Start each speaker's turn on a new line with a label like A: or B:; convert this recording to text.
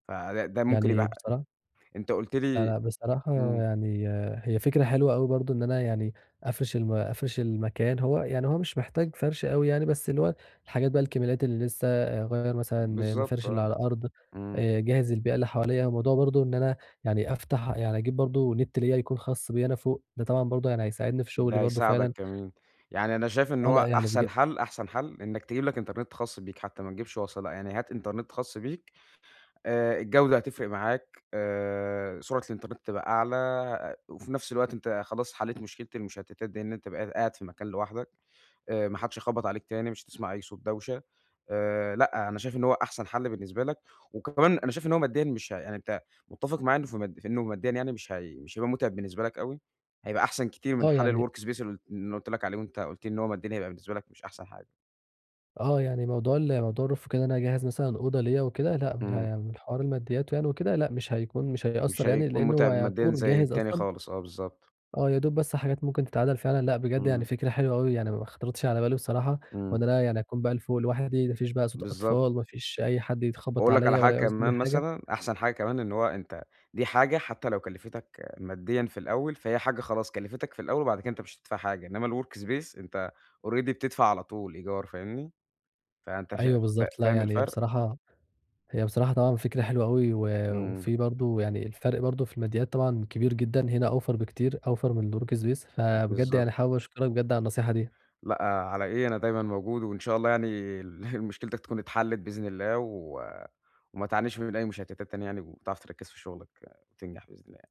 A: فده ده ممكن
B: يعني
A: يبقى
B: بصراحة
A: أنت قُلت
B: لأ،
A: لي
B: لأ بصراحة
A: إمم.
B: يعني هي فكرة حلوة أوي برضه إن أنا يعني أفرِش الم أفرِش المكان هو يعني هو مش محتاج فرش أوي يعني، بس اللي هو الحاجات بقى الكماليات اللي لسّه، اغيّر مثلًا
A: بالضبط
B: المفارش اللي
A: آه،
B: على الأرض،
A: إمم.
B: آآ، اجهز البيئة اللي حواليّا الموضوع برضه إن أنا يعني أفتح يعني أجيب برضه نت ليّا يكون خاص بيّا أنا فوق، ده طبعًا برضه يعني هيساعدني في شغلي
A: ده
B: برضه
A: هيساعدك
B: فعلًا.
A: كمان، يعني أنا شايف إن
B: آه لأ،
A: هو
B: يعني بج
A: أحسن حل أحسن حل إنّك تجيب لك إنترنت خاص بيك حتّى ما تجيبش وصلة بقى، يعني هات إنترنت خاص بيك، آآ الجودة هتفرق معاك، آآ سرعة الإنترنت تبقى أعلى وفي نفْس الوقت أنت خلاص حليت مشكلة المشتتات دي إن أنت بقيت قاعد في مكان لوحدك، آآ ما حدش هيخبط عليك تاني، مش هتسمع أي صوت دوشة، آآ لأ أنا شايف إن هو أحسن حل بالنسبة لك، وكمان أنا شايف إن هو ماديًا مش ه يعني أنت متّفق معاك في إنّه مد في إنّه ماديًا يعني مش هي مش هيبقى متعب بالنسبة لك أوي، هيبقى أحسن كتير من
B: آه،
A: حال
B: يعني
A: الwork space ال اللي أنا قُلت لك عليه وأنت قُلت لي إن هو ماديًا هيبقى بالنسبة لك مش أحسن حاجة.
B: آه، يعني موضوع ال موضوع الroof وكده إن أنا أجهّز مثلًا أوضة ليّا وكده
A: إمم.
B: لأ، [unintelligible] حوار الماديّات يعني وكده، لأ، مش هيكون مش
A: مش
B: هيأثر يعني،
A: هيكون
B: لأنّه هو
A: متعب ماديًا
B: يعتبر
A: زي
B: جاهز
A: التاني
B: أصلًا.
A: خالص، آه، بالضبط.
B: آه، يا دوب بس حاجات ممكن تتعدل فعلًا، لأ، بجد يعني
A: إمم.
B: فكرة حلوة أوي يعني م ما خطرتش على بالي بصراحة،
A: إمم.
B: وإن أنا يعني أكون بقى ل فوق لوحدي، ما فيش بقى صوت
A: بالضبط.
B: أطفال، ما فيش أي حد يخبّط
A: وأقول لك على
B: عليَّا
A: حاجة
B: ولا يعوز مني
A: كمان
B: حاجة.
A: مثلًا، أحسن حاجة كمان إن هو أنت دي حاجة حتّى لو كلِفتَك ماديًا في الأوّل، فهي حاجة خلاص كلِفتَك في الأوّل وبعد كده أنت مش هتدفع حاجة، إنّما الwork space أنت already بتدفع على طول إيجار فاهمني؟ فأنت شا
B: أيوَه
A: فا
B: بالضبط، لأ،
A: فاهم
B: يعني هي
A: الفرق؟
B: بصراحة هي بصراحة طبعًا فكرة حلوة أوي و
A: إمم.
B: وفي برضه يعني الفرق برضه في الماديات طبعًا كبير جدًا، هنا أوفر بكتير، أوفر من works pace، فبجد يعني
A: بالضبط.
B: حابب أشكرك بجد على النصيحة دي.
A: لأ، على إيه؟ أنا دايمًا موجود وإن شاء الله يعني ال مشكلتك تكون اتحلت بإذن الله و وما تعانيش من أي مشتتات تانية يعني وتعرف تركز في شغلك وتنجح، بإذن الله يعني.